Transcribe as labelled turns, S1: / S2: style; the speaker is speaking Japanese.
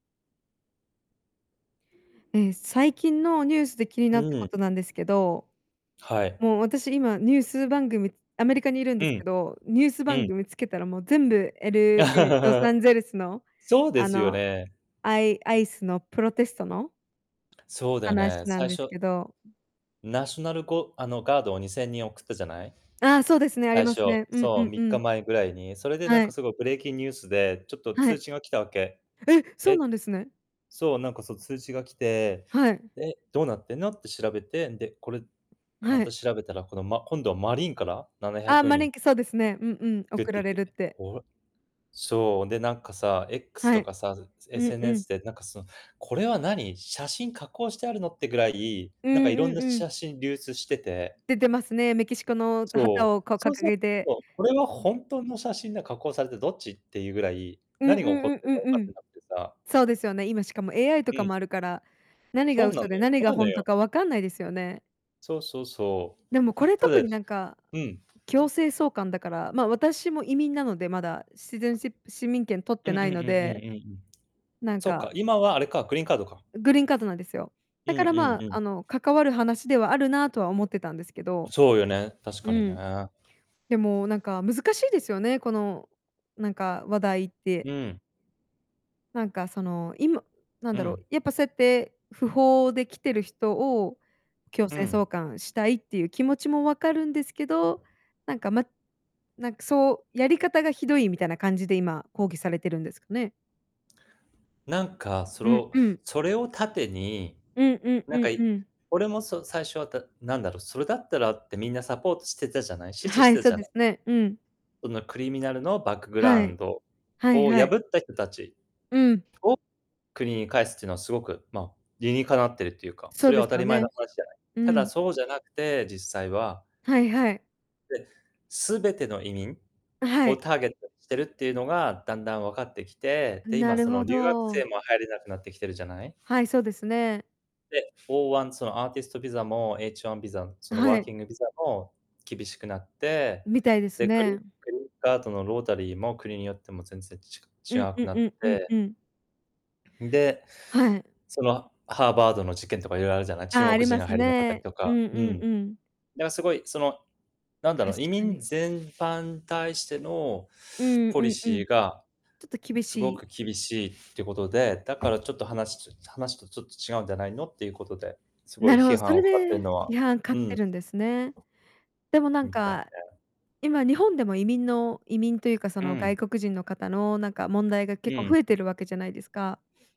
S1: ええ、最近のニュースで気に
S2: う
S1: なったこ
S2: ん。
S1: となんですけど。
S2: はい。
S1: もう私今ニュース番組アメリカにいるん
S2: う
S1: ですけ
S2: ん。
S1: ど、ニュース
S2: う
S1: 番
S2: ん。
S1: 組つけたらもう全部 LA、ロサ ンゼルスの、
S2: そうで
S1: あ
S2: すよ
S1: の、
S2: ね。
S1: あいアイスのプロテストの
S2: そうだよね、
S1: 話なん
S2: 最
S1: です
S2: 初
S1: けど。
S2: ナショナルゴあのガードを2000人送ったじゃない？
S1: ああ、そうですね、あり
S2: 最
S1: ま
S2: 初、
S1: すね。うんう
S2: そう、
S1: ん
S2: み
S1: う
S2: っか
S1: ん。
S2: 前ぐらいに。それでなん
S1: は
S2: か
S1: い。
S2: すごくブレイキンニュースでちょっと
S1: は
S2: 通
S1: い。
S2: 知が来たわけ。
S1: え、そう
S2: え？
S1: なんですね。
S2: そう、なんかそう通知が来て、
S1: はい。
S2: で、どうなってんのって調べて、で、これま
S1: は
S2: た
S1: い。
S2: 調べたら、このま今度はマリンからななひゃ
S1: ああ
S2: く
S1: マ
S2: に
S1: リ
S2: ん。
S1: ンけ、そうですね。うんうん、
S2: でっ
S1: 送ら
S2: てぃっ
S1: れ
S2: て、
S1: るっ
S2: え、
S1: て。
S2: こわそう、でなんかさ、X
S1: は
S2: と
S1: い、
S2: かさ、
S1: うんうん。
S2: SNS でなんかその、これは何？写真加工してあるのってぐらい、
S1: う
S2: なんかい
S1: ん
S2: ろ
S1: う
S2: んな
S1: んうん。
S2: 写真流出してて。
S1: 出てますね。メキシコの旗
S2: そう、
S1: をこう
S2: そう
S1: 掲
S2: そう
S1: げて。
S2: とこれは
S1: ん。
S2: ほんとの写真で加工されてどっちっていうぐらい、
S1: うん
S2: 何が起こ
S1: うんう
S2: っ
S1: ん
S2: ているか分
S1: うん
S2: か
S1: う
S2: っ
S1: ん。
S2: てなくてさ
S1: そうですよね、今しかも AI とか
S2: うん。
S1: もあるから、何が
S2: そうなの
S1: 嘘で
S2: よ、
S1: 何
S2: 怖
S1: が
S2: い
S1: ほ
S2: の
S1: んと
S2: よ。
S1: かわかんないですよね。
S2: そうそうそ
S1: でもこ
S2: う。
S1: れ、
S2: た
S1: 特
S2: だ
S1: になんか
S2: うん。
S1: 強制送還だから、まあ、私も移民なのでまだ。シティズンシップ市民権取っ
S2: う
S1: て
S2: んうんう
S1: な
S2: ん
S1: い
S2: うんう
S1: の
S2: ん
S1: で。
S2: うん。
S1: なん
S2: そっ
S1: か
S2: か、今はあれか、グリーンカードか。
S1: ん、グリーンカードなんですよ。
S2: う
S1: だ
S2: ん
S1: から
S2: う
S1: ま
S2: んう
S1: あ、あ
S2: ん。
S1: の関わる話ではあるなとは思ってたんですけど。
S2: そうよね、確か
S1: う
S2: に
S1: ん。
S2: ね。
S1: でもなんか難しいですよね、このなんか話題って。
S2: うん。
S1: なんかその今、なん
S2: う
S1: だろう、
S2: ん。
S1: やっぱそうやって不法で来てる人を強
S2: う
S1: 制
S2: ん。
S1: 送還したいっていう気持ちも分かるんですけど、なんかまなんかそう、やり方がひどいみたいな感じで今抗議されてるんですかね？
S2: 何かそ
S1: うん
S2: ろ
S1: うん。
S2: それを盾に
S1: うんうん
S2: 何
S1: う
S2: か
S1: んう
S2: い
S1: ん。
S2: 俺もそう、最初はた何だろう、それだったらってみんなサポートしてたじゃない。支持
S1: は
S2: し
S1: い、
S2: て
S1: そ
S2: じ
S1: う
S2: ゃ
S1: で
S2: ない。
S1: すね、うん。
S2: そのクリミナルのバックグラ
S1: は
S2: ウ
S1: い。
S2: ンド
S1: はい
S2: を
S1: はい。
S2: 破った人たち
S1: うん。
S2: を国に返すっていうのはすごく、ま、理にかなっているっていうか。
S1: そ
S2: そ
S1: う
S2: れ
S1: で
S2: は
S1: す
S2: 当た
S1: よ
S2: り前の
S1: ね。
S2: 話じゃない。
S1: う
S2: ただ
S1: ん。
S2: そうじゃなくて実際は。
S1: はいはい。
S2: で、すべての移民？
S1: あ、は
S2: を
S1: い。
S2: ターゲットにしてるっていうのが、だんだん分かってきて、で、
S1: な
S2: 今
S1: る
S2: その
S1: ほ
S2: 留学生
S1: ど。
S2: も入れなくなってきてるじゃない？
S1: はい、そうですね。
S2: で、F-1、そのアーティストビザも、H-1 ビザ、そ
S1: あ、
S2: の
S1: は
S2: ワー
S1: い。
S2: キングビザも厳しくなって、
S1: みたいです
S2: で、
S1: ね。
S2: 後のロータリーも国によっても全然ち
S1: うん
S2: が違
S1: う
S2: く
S1: ん
S2: なっ
S1: うんうん
S2: て。
S1: うん。
S2: んで、
S1: はい。
S2: そのハーバードの事件とかいろいろあるじゃない、中
S1: ああ、あ
S2: 国
S1: り
S2: 人
S1: ま
S2: が
S1: す
S2: 入れななかったり
S1: ね。
S2: と
S1: う
S2: か。
S1: んう
S2: う
S1: ん
S2: ん。
S1: うん。
S2: だ、すごい、その何だ
S1: 確
S2: ろう、移
S1: か
S2: 民
S1: に。
S2: 全般に対しての
S1: うん
S2: ポ
S1: う
S2: リ
S1: んう
S2: シ
S1: ん。
S2: ーが
S1: ちょっと厳
S2: す
S1: し
S2: ご
S1: い。
S2: く厳しいってことで、だからちょっと話つ話とちょっと違うんじゃないのっていうことですご
S1: な
S2: い
S1: るほ
S2: 批
S1: ど、そ
S2: 判
S1: れ
S2: を買ってる
S1: で
S2: のは、
S1: 批判買っ
S2: う
S1: て
S2: ん。
S1: るんですね。でもなん
S2: みたい
S1: か、
S2: ね。
S1: 今日本でも移民の移民というかそ
S2: う
S1: の外
S2: ん。
S1: 国人の方の、なんか問題が
S2: う
S1: 結構増
S2: ん。
S1: えてるわけじゃないですか。